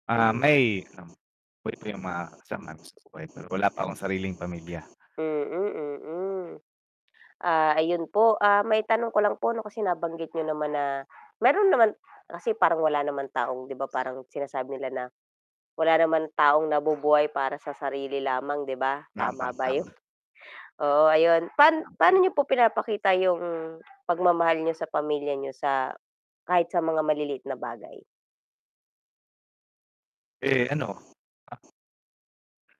Ah, Mm. may ano buhay pa yung mga kasama namin sa buhay pero wala pa akong sariling pamilya. Mm, mm. Ah, ayun po, ah, maitanong ko lang po ano kasi nabanggit niyo naman na meron naman kasi parang wala naman taong 'di ba parang sinasabi nila na, wala naman taong nabubuhay para sa sarili lamang, 'di ba? Tama Tama, ba yun? tama. Oo, ayun pan paano [unintelligible] niyo po pinapakita yung pagmamahal niyo sa pamilya niyo sa kahit sa mga maliliit na bagay? Eh ano, ah